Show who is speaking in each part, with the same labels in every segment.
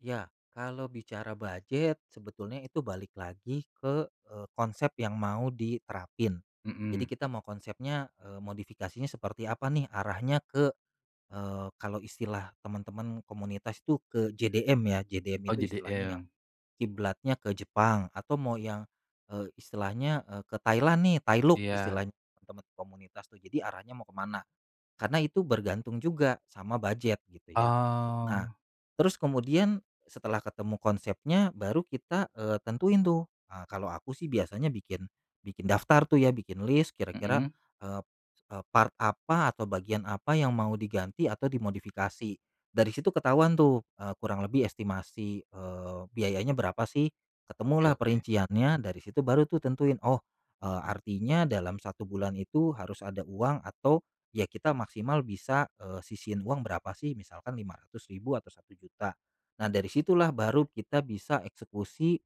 Speaker 1: Ya, kalau bicara bujet sebetulnya itu balik lagi ke, eee, konsep yang mau diterapin. Jadi
Speaker 2: Mhm.
Speaker 1: kita mau konsepnya, eee, modifikasinya seperti apa nih arahnya ke, eee, kalau istilah teman-teman komunitas tuh ke JDM ya, JDM
Speaker 2: Oh,
Speaker 1: itu istilahnya yang
Speaker 2: JDM.
Speaker 1: kiblatnya ke Jepang atau mau yang, eee, istilahnya, eee, ke Thailand nih Thailook
Speaker 2: Iya.
Speaker 1: istilah teman-teman komunitas tuh, jadi arahnya mau kemana, karena itu bergantung juga sama bujet gitu ya. Nah,
Speaker 2: Oh.
Speaker 1: terus kemudian setelah ketemu konsepnya baru kita, eee, tentuin tuh, ha kalau aku sih biasanya bikin bikin daftar tuh ya, bikin list, kira-kira,
Speaker 2: Mhm.
Speaker 1: ep eee, part apa atau bagian apa yang mau diganti atau dimodifikasi. Dari situ ketahuan tuh, eee, kurang lebih estimasi, eee, biayanya berapa sih? Ketemulah
Speaker 2: Oke-oke.
Speaker 1: perinciannya, dari situ baru tuh tentuin oh, eee, artinya dalam 1 bulan itu harus ada uang atau ya kita maksimal bisa, eee, sisihin uang berapa sih? Misalkan Rp500.000 atau Rp1.000.000 nah dari situlah baru kita bisa eksekusi,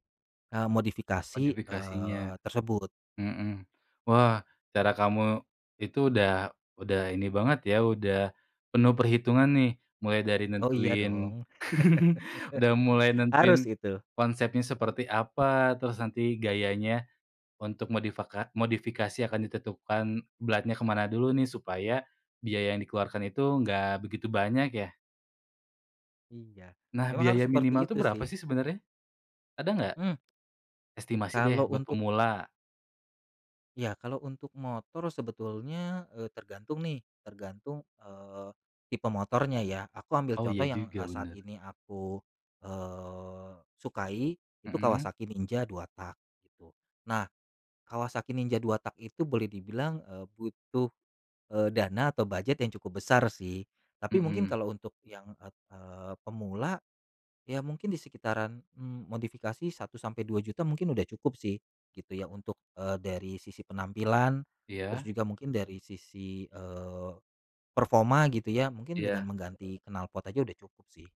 Speaker 1: eee, modifikasi,
Speaker 2: Modifikasinya.
Speaker 1: eee, tersebut.
Speaker 2: Mhm, wah cara kamu itu udah udah ini banget ya, udah penuh perhitungan nih. Mulai dari
Speaker 1: Oh iya dong.
Speaker 2: nentuin udah mulai
Speaker 1: Harus
Speaker 2: nentuin
Speaker 1: itu.
Speaker 2: konsepnya seperti apa, terus nanti gayanya untuk modifaka modifikasi akan ditentukan beratnya kemana dulu nih, supaya biaya yang dikeluarkan itu enggak begitu banyak ya?
Speaker 1: Iya,
Speaker 2: Nah,
Speaker 1: memang harus
Speaker 2: biaya minimal
Speaker 1: seperti
Speaker 2: tuh
Speaker 1: itu
Speaker 2: berapa
Speaker 1: sih.
Speaker 2: sih sebenarnya? Ada nggak?
Speaker 1: Mmm.
Speaker 2: estimasi
Speaker 1: Kalau
Speaker 2: deh buat
Speaker 1: untuk
Speaker 2: pemula.
Speaker 1: Iya, kalau untuk motor sebetulnya, eee, tergantung nih tergantung, eee. tipe motornya ya. Aku ambil
Speaker 2: Oh
Speaker 1: contoh
Speaker 2: iya
Speaker 1: yang,
Speaker 2: juga
Speaker 1: eee, saat
Speaker 2: bener.
Speaker 1: ini aku, eee, sukai itu
Speaker 2: Mhm.
Speaker 1: Kawasaki Ninja 2-tak gitu. Nah Kawasaki Ninja 2-tak itu boleh dibilang, eee, butuh, eee, dana atau bujet yang cukup besar sih. Tapi mungkin
Speaker 2: Mhm.
Speaker 1: kalau untuk yang et eee, pemula, ya mungkin disekitaran, mmm, modifikasi Rp1.000.000 sampai Rp2.000.000 mungkin udah cukup sih gitu ya untuk, eee, dari sisi penampilan, terus
Speaker 2: Iya.
Speaker 1: juga mungkin dari sisi, eee, performa gitu ya, mungkin dengan
Speaker 2: Iya.
Speaker 1: mengganti knalpot aja udah cukup sih.